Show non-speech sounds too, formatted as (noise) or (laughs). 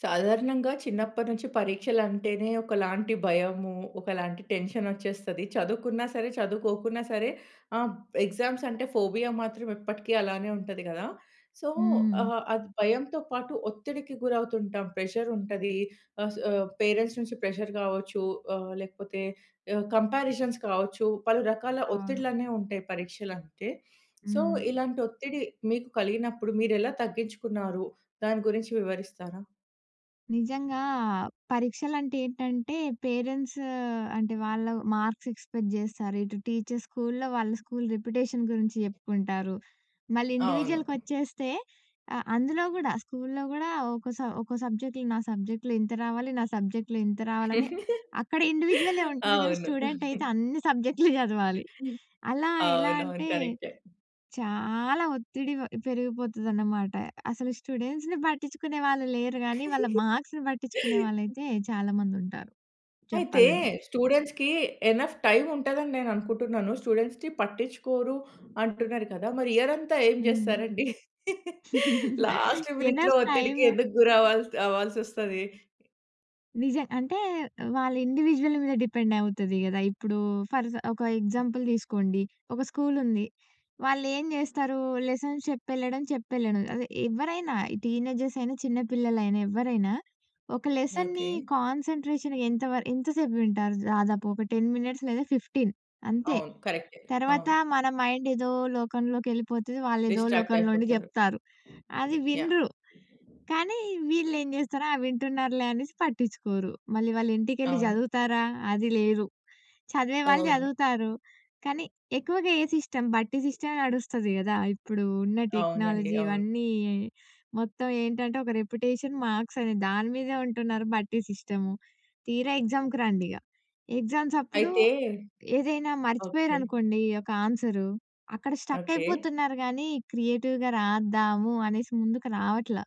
సాధారణంగా చిన్నప్పటినుంచి పరీక్షలంటేనే ఒకలాంటి భయము, ఒకలాంటి టెన్షనొచ్చేస్తది. చదువుకున్నా సరే, చదువుకోకున్నా సరే ఆహ్, ఎగ్జామ్సంటే ఫోబియా మాత్రం ఎప్పటికి అలానే ఉంటది గదా! సో, హ్మ్. ఆహ్, అది భయంతో పాటు ఒత్తిడికి గురవుతుంటాం. ప్రెషరుంటది, ఆహ్, స్ ఆహ్, పేరెంట్స్ నుంచి ప్రెజర్ గావచ్చు ఆహ్, లేకపోతే ఆహ్, కంపారిజన్స్ కావచ్చు, పలు రకాల అవును. ఒత్తిడిలనేవుంటాయి పరీక్షలంటే. సో, హ్మ్. ఇలాంటొత్తిడి మీకు కలిగినప్పుడు మీరెలా తగ్గించుకున్నారు? దాని గురించి వివరిస్తారా? నిజంగా పరీక్షలంటే ఏంటంటే, పేరెంట్స్ అంటే, వాళ్ళ వ్ మార్క్స్ ఎక్స్‌పెక్ట్ జేస్తారు. ఇటు టీచర్స్ స్కూల్లో, వాళ్ళ స్కూలు రిప్యుటేషన్ గురించి జెప్పుకుంటారు. మళ్ళీ అవును. ఇండివిడ్యువల్‌కొచ్చేస్తే అ అందులో గూడా, స్కూల్లో గూడా ఒక్కో స ఒక్కో సబ్జెక్ట్‌లో నా సబ్జెక్ట్‌లో ఇంత రావాలి, నా సబ్జెక్ట్‌‌లో ఇంత రావాలని, (chuckles) అక్కడ ఇండివిడ్యువలే ఉంటది గానీ, అవును. స్టూడెంటయితే (giggles) అన్ని సబ్జెక్టులు జదవాలి. హ్మ్. అలా ఎలా అవునవును. అంటే, కరెక్టే. చాలా ఒత్తిడి వ పెరిగిపోతదనమాట. అసలు స్టూడెంట్స్‌ని పట్టించ్చుకునే వాళ్ళు లేరు గానీ, వాళ్ళ (chuckles) మార్క్స్‌ని బట్టిచ్చుకునే వాళ్ళైతే చాలా మందుంటారు అయితే, చెప్పాలంటే. స్టూడెంట్స్‌‌కీ ఎనఫ్ టైముంటదని నేననుకుంటున్నాను. స్టూడెంట్స్‌ని పట్టిచ్చుకోరు అంటున్నారు కదా! మరి ఇయరంతా ఏం హ్మ్. జేస్తారండి? (laughs) (laughs) లాస్ట్ మినిట్‌లో ఎనఫ్ ఒత్తిడికి టైమ్ ఎందుకు గురవ్వాల్సి అవ్వాల్సొస్తది. నిజం. అంటే వాళ్ళ ఇండివిడ్యుయల్ మీద డిపెండవుతది గదా! ఇప్పుడూ ఫర్ జ ఒక ఎగ్జాంపుల్ దీసుకోండి. ఒక స్కూలుంది. వాళ్ళేం జేస్తారూ, లెసన్స్ చెప్పెళ్ళడం, చెప్పెళ్ళడం. అదే, ఎవ్వరైనా ఈ టీనేజర్సయినా, చిన్న పిల్లలైనా, ఎవ్వరైనా ఒక లెసన్‌ని ఓకే. కాన్సంట్రేషన్ ఎంత వర ఎంత సేపు వింటారు దాదాపు, ఒక 10 మినిట్స్ లేదా 15 అంతే. అవును. కరక్టే. తరవాతా అవును. మన మైండేదో లోకంలోకెళ్ళిపోతది. వాళ్లేదో లోకంలో ఉండి డిస్ట్రాక్టయిపోతరు. జెప్తారు. అది యాహ్! వినరు, కానీ వీళ్ళేం జేస్తారు, ఆ! వింటున్నారులే అనేసి పట్టిచ్చుకోరు. మళ్ళీ వాళ్ళింటికెళ్ళి అవును. జదువుతారా, అది లేదు. చదివే వాళ్ళు అవును. జదువుతారు, కానీ ఎక్కువగా ఏ సిస్టమ్, బట్టి సిస్టమే నడుస్తది గదా! ఇప్పుడు ఉన్న అవునండి. టెక్నాలజీ అవును. ఇవన్నీ మొత్తం ఏంటంటే, ఒక రెప్యుటేషన్, మాక్సనేది. దాని మీదే ఉంటున్నారు బట్టి సిస్టము. తీరా ఎగ్జా‌మ్‌కు రండిగ. ఎగ్జామ్సప్పుడు అయితే ఏదైనా ఓకే. మర్చిపోయారనుకోండీ, ఒక ఆన్సరు. అక్కడ ఓకే. స్టక్కయిపోతున్నారు గానీ, క్రియేటివ్‌గా రాద్దాము అనేసి ముందుకు రావట్లా.